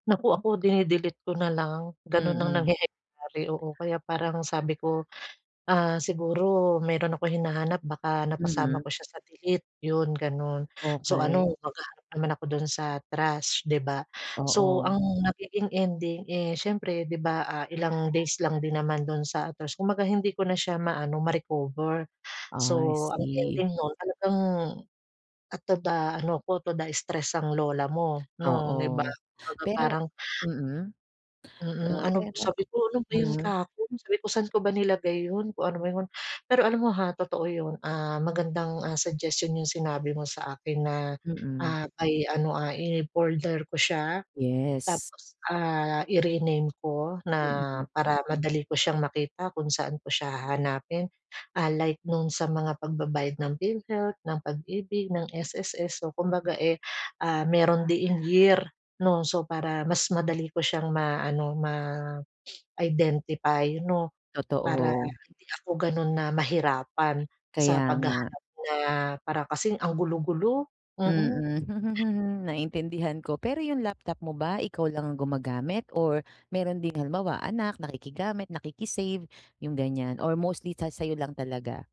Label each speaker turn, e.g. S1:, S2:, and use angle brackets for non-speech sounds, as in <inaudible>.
S1: Naku ako dini-delete ko na lang, ganon ang
S2: Mm.
S1: nangyayari oo kaya parang sabi ko, ah, siguro meron akong hinahanap baka napasama
S2: Mm.
S1: ko siya sa delete 'yun ganun, so ano
S2: Okey.
S1: maghahanap naman ako dun sa trash 'di ba. So ang
S2: Oo.
S1: nagiging ending, eh, siyempre di ba, ah, ilang days lang din naman dun sa trash kumbaga hindi ko na siya maano ma-recover,
S2: I
S1: so ang
S2: see.
S1: ending no'n talagang, at toda ano ko toda stress ang lola mo 'no, 'di ba,
S2: Oo,
S1: kumbaga
S2: pero
S1: parang
S2: mm.
S1: Mm,
S2: Ah
S1: ano b
S2: pero
S1: sabi ko, "ano ba 'yun
S2: mm.
S1: kahapon," sabi ko, "Saan ko ba nilagay 'yun kung ano ba ''yun," pero alam mo, ha, totoo yun, ah, magandang, ah, suggestion 'yung sinabi mo sa akin na,
S2: Mm.
S1: ah, by ano, ah, in folder ko siya,
S2: Yes.
S1: tapos, ah, i-rename ko na
S2: Mm.
S1: para madali ko siyang makita kung saan ko siya hahanapin, ah, like nung sa mga pagbabayad ng Philhealth, ng Pag-ibig, ng SSS so kumbaga, eh, ah, meron din in year 'no so para mas madali ko siyang maano ma-identify <sniffs> 'no, para
S2: Totoo.
S1: hindi ako ganon na mahirapan
S2: Kaya
S1: sa
S2: nga.
S1: paghahanap na para kasing ang gulo-gulo, mm.
S2: Mm, <chuckles> naintindihan ko, pero 'yung laptop mo ba ikaw lang gumagamit or meron ding halimbawa anak nakikigamit, nakiki-save 'yung ganiyan or mostly sa sayo lang talaga?